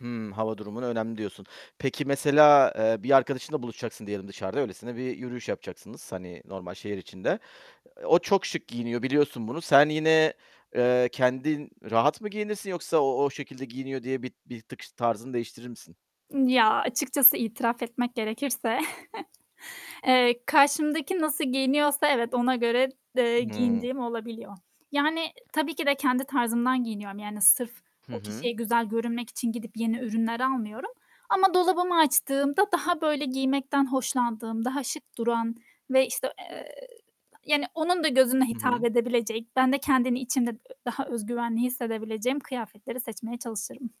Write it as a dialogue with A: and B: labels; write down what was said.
A: Hımm. Hava durumuna önemli diyorsun. Peki mesela, eee, bir arkadaşınla buluşacaksın diyelim dışarıda, öylesine bir yürüyüş yapacaksınız, hani, normal şehir içinde. O çok şık giyiniyor, biliyorsun bunu. Sen yine, eee, kendin rahat mı giyinirsin, yoksa o, o şekilde giyiniyor diye bir bir tık ş tarzını değiştirir misin?
B: Ya açıkçası itiraf etmek gerekirse, eee, karşımdaki nasıl giyiniyorsa evet, ona göre d eee,
A: Hıı.
B: giyindiğim olabiliyor. Yani, e tabii ki de kendi tarzımdan giyiniyorum. Yani sırf
A: Hı
B: o
A: hı.
B: kişiye güzel görünmek için gidip yeni ürünler almıyorum ama dolabımı açtığımda daha, böyle, giymekten hoşlandığım, daha şık duran ve, işte, eee, yani onun da gözüne
A: Hı
B: hitap
A: hı.
B: edebilecek, ben de kendini içinde daha öz güvenli hissedebileceğim kıyafetleri seçmeye çalışırım.